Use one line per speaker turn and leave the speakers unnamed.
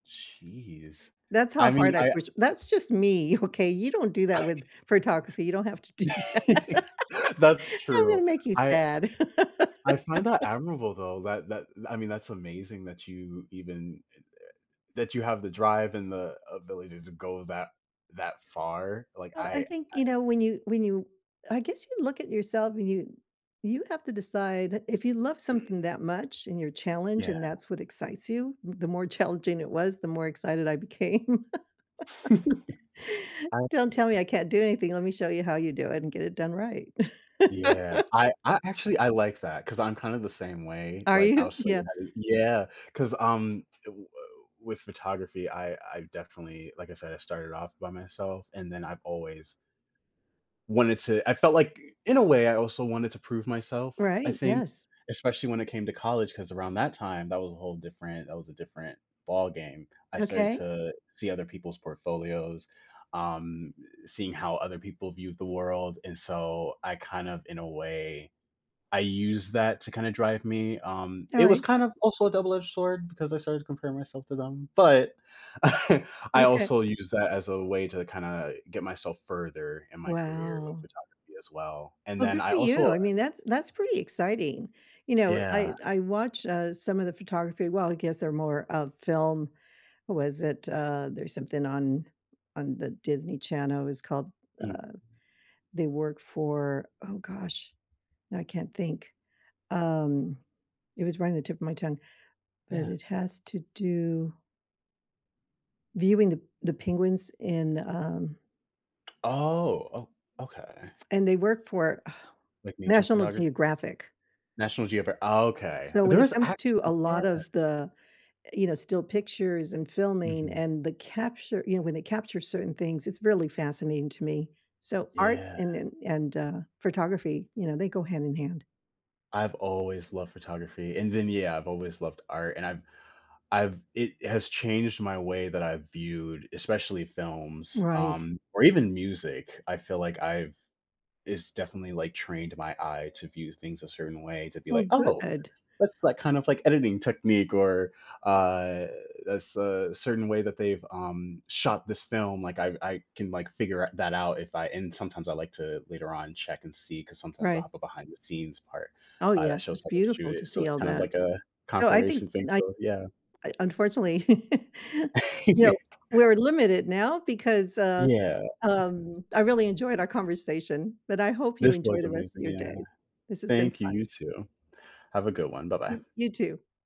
Jeez.
That's
I
how
mean,
hard I
I
push that's just me. Okay, you don't do
I
that with photography, you don't have to do that.
That's
I'm
true.
gonna make you
I
sad.
I find that admirable, though, that that I mean, that's amazing that you even it, uh that you have the drive and the ability to go that that far. Like,
Uh,
I I,
I think, you
uh
know, when you when you I guess you look at yourself and you you have to decide, if you love
Mhm.
something that much and you're challenged
Yeah.
and that's what excites you, the more challenging it was, the more excited I became.
Absolutely.
Don't tell me I can't do anything, let me show you how you do it and get it done right.
Yeah, I I actually I like that, 'cause I'm kind of the same way,
Are
like,
you?
I'll show
Yeah.
you how to u yeah, 'cause, um, i woah with photography, I I definitely like I said, I started off by myself, and then I've always wanted to I felt like, i in a way, I also wanted to prove myself, I
Right,
think.
yes.
Especially when it came to college, 'cause around that time, that was a whole different that was a different ballgame. I started
Okay.
to see other people's portfolios, um, seeing how other people viewed the world, and so I kind of, in a way, I used that to kinda drive me, um, it was
Alright.
kind of, also a double-edged sword, because I started to compare myself to them. But, I
Okay.
also use that as a way to kinda get myself further in my career with
Wow.
photography as well, and
well,
then
good
I
for
also,
you,
uh
I mean, that's that's pretty exciting. You know,
Yeah.
I I watch, uh, some of the photography well, I guess they're more of film what was it, uh, there's something on on the Disney Channel, it was called,
Mm.
uh they work for oh gosh, I can't think. Um, it was right on the tip of my tongue. But
Yeah.
it has to do viewing the p the penguins and, um
Oh, oh okay.
and they work for, ugh,
Like nature
National
photograph
Geographic.
National Geograf okay.
So when
There
it
is
comes to a
actually yeah.
lot of the, eh, you know, still pictures, and filming,
Mhm.
and when the capture you know, when they capture certain things, it's really fascinating to me. So art
Yeah.
and and and, uh, photography, you know, they go hand in hand.
I've always loved photography, and then, yeah, I've always loved art, and I've I've it has changed my way that I've viewed, especially films,
Right.
um, or even music. I feel like I've it's definitely, like, trained my eye to view things a certain way to be,
Oh,
like, "Oh,
good.
that's, like, kind of, like, editing technique," or, uh, "that's a certain way that they've, um, shot this film. Like, I've I can, like, figure out that out if I" and sometimes I like to later on check and see, 'cause sometimes I'll
Right.
have a behind-the-scenes part,
Oh
uh, that
yes,
shows
it's
how they shoot
beautiful to
it. So
see
it's
all
kind of
that.
like a
So I think,
confirmation thing.
night
So, yeah.
I unfortunately, you
Yeah.
know, we're limited now because, uh,
Yeah.
um I really enjoyed our conversation, but I hope you
This
enjoy
was
the rest of
amazing,
your
yeah.
day. This has been
Thank you,
fun.
you too. Have a good one. Bye-bye.
Y you too.